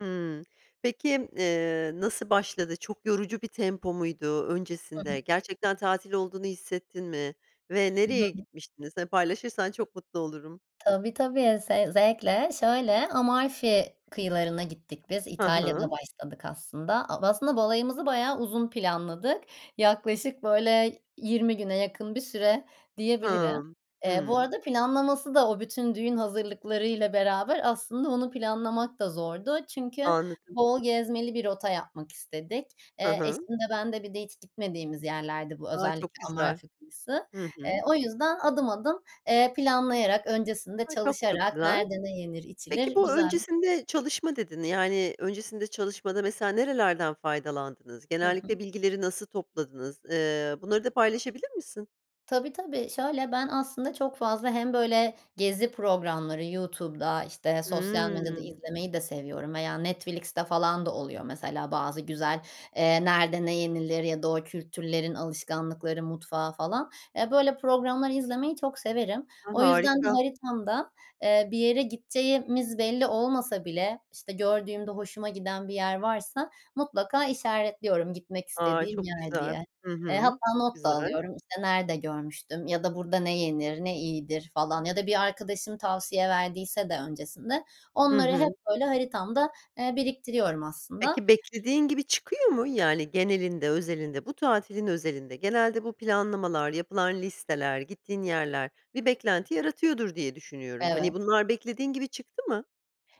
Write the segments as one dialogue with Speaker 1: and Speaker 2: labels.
Speaker 1: Hımm. Peki, eee, nasıl başladı, çok yorucu bir tempo muydu,
Speaker 2: Hı
Speaker 1: öncesinde
Speaker 2: hı.
Speaker 1: gerçekten tatil olduğunu hissettin mi ve nereye
Speaker 2: [unintelligible]
Speaker 1: gitmiştiniz? Hani paylaşırsan çok mutlu olurum.
Speaker 2: Tabii, tabii ze zevkle. Şöyle Amalfi kıyılarına gittik biz,
Speaker 1: Hı
Speaker 2: İtalya'da
Speaker 1: hı.
Speaker 2: başladık aslında. Ab aslında balayımızı bayağı uzun planladık. Yaklaşık böyle 20 güne yakın bir süre diyebilirim.
Speaker 1: Hımm,
Speaker 2: Eee, bu
Speaker 1: hımm.
Speaker 2: arada planlaması da o bütün düğün hazırlıklarıyla beraber aslında onu planlamak da zordu. Çünkü
Speaker 1: Anladım.
Speaker 2: bol gezmeli bir rota yapmak istedik.
Speaker 1: Hı
Speaker 2: Eee, eşim
Speaker 1: hı.
Speaker 2: de ben de. Bir de hiç gitmediğimiz yerlerdi bu
Speaker 1: A, çok
Speaker 2: özellikle
Speaker 1: güzel!
Speaker 2: Amalfi kıyısı.
Speaker 1: Hı
Speaker 2: Eee,
Speaker 1: hı.
Speaker 2: o yüzden adım adım, eee, planlayarak öncesinde
Speaker 1: A, çok, çok,
Speaker 2: çalışarak
Speaker 1: güzel!
Speaker 2: nerede ne yenir,
Speaker 1: Peki,
Speaker 2: içilir
Speaker 1: bu
Speaker 2: güzel
Speaker 1: öncesinde çalışma dedin, yani öncesinde çalışmada mesela nerelerden faydalandınız?
Speaker 2: Hı
Speaker 1: Genellikle
Speaker 2: hı.
Speaker 1: bilgileri nasıl topladınız? Iıı, bunları da paylaşabilir misin?
Speaker 2: Tabii, tabii. Şöyle ben aslında çok fazla hem böyle gezi programları, YouTube'da işte sosyal medyada
Speaker 1: Hımm.
Speaker 2: izlemeyi de seviyorum veya Netflix'te falan da oluyor mesela. Bazı güzel, eee, nerede ne yenilir ya da o kültürlerin alışkanlıkları mutfağı falan. Eee, böyle programlar izlemeyi çok severim.
Speaker 1: A,
Speaker 2: O yüzden de
Speaker 1: harika!
Speaker 2: haritamda, eee, bir yere gideceğimiz belli olmasa bile, işte gördüğümde hoşuma giden bir yer varsa mutlaka işaretliyorum gitmek
Speaker 1: A,
Speaker 2: istediğim
Speaker 1: çok
Speaker 2: yer
Speaker 1: güzel.
Speaker 2: diye.
Speaker 1: Hı
Speaker 2: Eee,
Speaker 1: hı.
Speaker 2: hatta
Speaker 1: Çok
Speaker 2: not da
Speaker 1: güzel!
Speaker 2: alıyorum işte nerede görmüştüm ya da burada ne yenir ne iyidir, falan, ya da bir arkadaşım tavsiye verdiyse de öncesinde,
Speaker 1: Hı
Speaker 2: onları hep
Speaker 1: hı.
Speaker 2: böyle haritamda, eee, biriktiriyorum aslında.
Speaker 1: Peki beklediğin gibi çıkıyor mu? Yani genelinde, özelinde, bu tatilin özelinde, genelde bu planlamalar, yapılan listeler, gittiğin yerler bir beklenti yaratıyordur diye düşünüyorum. Hani
Speaker 2: Evet.
Speaker 1: bunlar beklediğin gibi çıktı mı?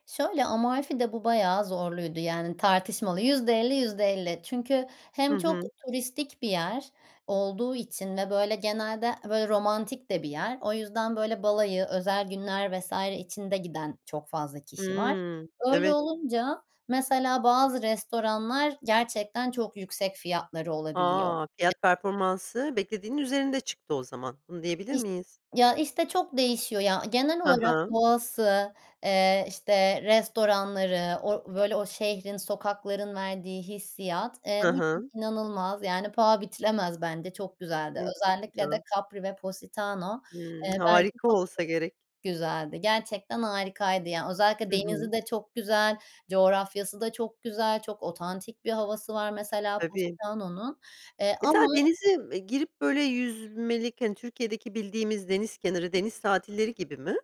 Speaker 2: Şöyle, Amalfi'de bu bayağı zorluydu, yani tartışmalı. %50-%50. Çünkü
Speaker 1: Hı
Speaker 2: hem çok
Speaker 1: hı.
Speaker 2: turistik bir yer olduğu için ve böyle genelde böyle romantik de bir yer. O yüzden böyle balayı özel günler vs. için de giden çok fazla kişi var.
Speaker 1: Hımm,
Speaker 2: Öyle
Speaker 1: evet.
Speaker 2: olunca mesela bazı restoranlar gerçekten çok yüksek fiyatları olabiliyor.
Speaker 1: A,
Speaker 2: Ya
Speaker 1: fiyat performansı beklediğinin üzerinde çıktı o zaman. Bunu diyebilir
Speaker 2: İş
Speaker 1: miyiz?
Speaker 2: ya işte çok değişiyor, ya. Genel
Speaker 1: Hı
Speaker 2: olarak
Speaker 1: hı.
Speaker 2: doğası, eee, işte restoranları, or o böyle o şehrin sokakların verdiği hissiyat, eee,
Speaker 1: Hı
Speaker 2: müthiş
Speaker 1: hı.
Speaker 2: inanılmaz. Yani paha biçilemez bence çok güzeldi.
Speaker 1: Evet, çok
Speaker 2: Özellikle de
Speaker 1: güzel!
Speaker 2: Capri ve Positano,
Speaker 1: Hımm,
Speaker 2: eee, bence
Speaker 1: harika
Speaker 2: çok [unintelligible]
Speaker 1: olsa gerek.
Speaker 2: güzeldi, gerçekten harikaydı, ya. Özellikle
Speaker 1: Hı hı.
Speaker 2: denizi de çok güzel, coğrafyası da çok güzel, çok otantik bir havası var mesela,
Speaker 1: Tabii.
Speaker 2: Positano'nun, eee,
Speaker 1: Mesela
Speaker 2: ama
Speaker 1: denize, ııı, girip böyle yüzmelik, hani Türkiye'deki bildiğimiz deniz kenarı, deniz tatilleri gibi mi?